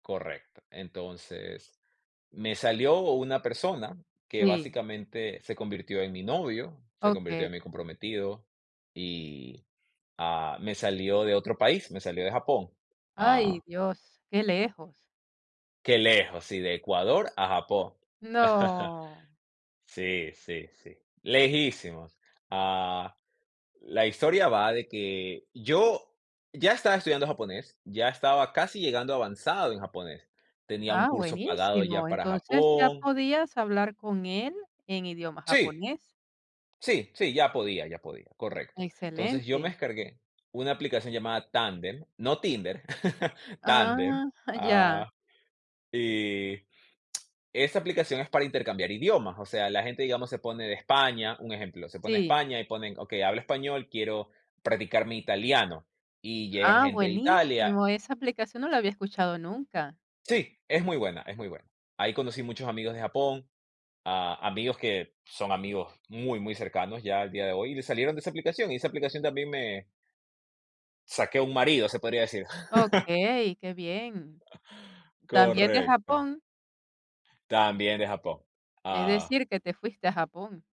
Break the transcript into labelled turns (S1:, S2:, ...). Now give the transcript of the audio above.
S1: Correcto. Entonces, me salió una persona que,
S2: Sí.
S1: básicamente, se convirtió en mi novio, se convirtió
S2: Okey.
S1: en mi comprometido y, ah, me salió de otro país, me salió de Japón,
S2: Ay,
S1: ah
S2: Dios, qué lejos.
S1: Qué lejos, sí, de Ecuador a Japón.
S2: No.
S1: Sí, sí, sí, lejísimos. Ah, la historia va de que yo, ya estaba estudiando japonés, ya estaba casi llegando avanzado en japonés, tenía un
S2: Ah,
S1: curso pagado
S2: buenísimo.
S1: ya para
S2: Entonces, ya
S1: Japón
S2: podías hablar con él, en idioma
S1: Sí.
S2: japonés.
S1: Sí, sí, ya podía ya podía, correcto. Entonces, yo me
S2: Excelente.
S1: descargué una aplicación llamada Tandem, no Tinder,
S2: Ah,
S1: Tandem,
S2: ya.
S1: ah, y esta aplicación es para intercambiar idiomas, o sea, la gente, digamos, se pone de España, un ejemplo, se pone de
S2: Sí.
S1: España y ponen, okey, hablo español, quiero practicar mi italiano, y llegan
S2: Ah,
S1: gente de Italia.
S2: buenísimo, esa aplicación no la había escuchado nunca.
S1: Sí, es muy buena es muy buena. Ahí conocí muchos amigos de Japón, ah, amigos que son amigos muy, muy cercanos, ya al día de hoy, y salieron de esa aplicación, y esa aplicación también me saqué un marido, se podría decir.
S2: Okey, qué bien, ¿también de
S1: Correcto.
S2: Japón?
S1: También de Japón,
S2: Es
S1: ah
S2: decir, que te fuiste a Japón.